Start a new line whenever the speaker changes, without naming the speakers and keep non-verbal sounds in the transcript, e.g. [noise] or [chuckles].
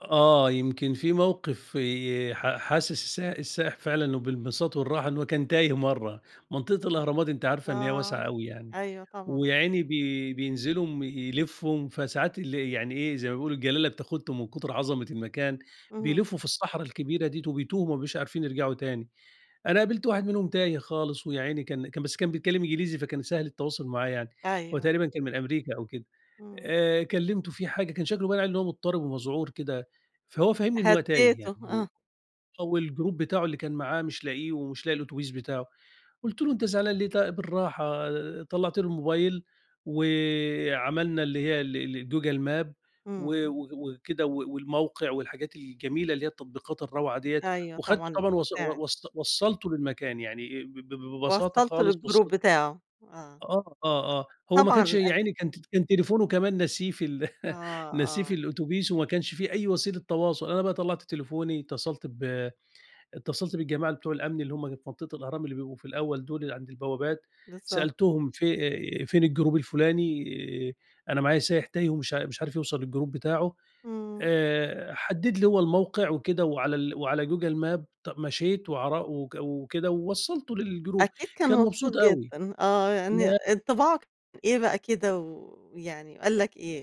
آه، يمكن فيه موقف ي حاسس الس السائح فعلًا بالانبساط والراحة إنه كان تايه مرة. منطقة الأهرامات أنتِ عارفة إن هي واسعة
آه،
أوي يعني،
أيوه طبعًا.
ويا عيني بي بينزلوا يلفوا، فساعات ال يعني إيه، زي ما بنقول الجلالة بتاخدهم من كتر عظمة المكان،
اهم.
بيلفوا في الصحرا الكبيرة ديّة وبيتوهوا وما بيبقوش عارفين يرجعوا تاني. أنا قابلت واحد منهم تايه خالص ويا عيني كان كان بس كان بيتكلم إنجليزي فكان سهل التواصل معاه يعني،
أيوه.
وتقريبًا كان من أمريكا أو كده.
إمم.
آآ، كلمته في حاجة، كان شكله باين عليه إن هو مضطرب ومذعور كده، فهو فهمني إن هو تايه يعني
هدّيته
و
آه.
والجروب بتاعه اللي كان معاه مش لاقيه، ومش لاقي الأتوبيس بتاعه. قُلت له: "أنت زعلان ليه؟ ت بالراحة." طلعت له الموبايل وعملنا اللي هي ال ال جوجل ماب و
إمم.
و وكده و والموقع والحاجات الجميلة اللي هي التطبيقات الروعة ديّة،
أيوه
وأخدته
طبعًا،
طبعًا وص و
بتساعد.
وص وصلته للمكان يعني آآ، ب ب ببساطة
وصلّته
خالص
للجروب
وصل
بتاعه، آه.
آه، آه، آه، هو ما كانش
طبعًا
يا
أك
عيني كان ت كان تليفونه كمان ناسيه في ال [chuckles]
آه،
ناسيه في
آه.
الأوتوبيس وما كانش في أي وسيلة تواصل. أنا بقى طلعت تليفوني، اتصلت ب اتصلت بالجماعة ال بتوع الأمن اللي هُم في منطقة الأهرام، اللي بيبقوا في الأول دول، اللي عند البوابات.
بالضبط.
سألتهم ف فين الجروب الفلاني، أنا معايا سايح تايه ومش مش عارف يوصل للجروب بتاعه.
إمم.
آآ، حدد لي هو الموقع وكده وعلى ال على جوجل ماب ط مشيت وعر و وكده ووصلته للجروب.
أكيد كان
كان
مبسوط
مبسوط أوي.
جدًا، آه، يعني
لأ
انطباعك إيه بقى كده ويعني قال لك إيه؟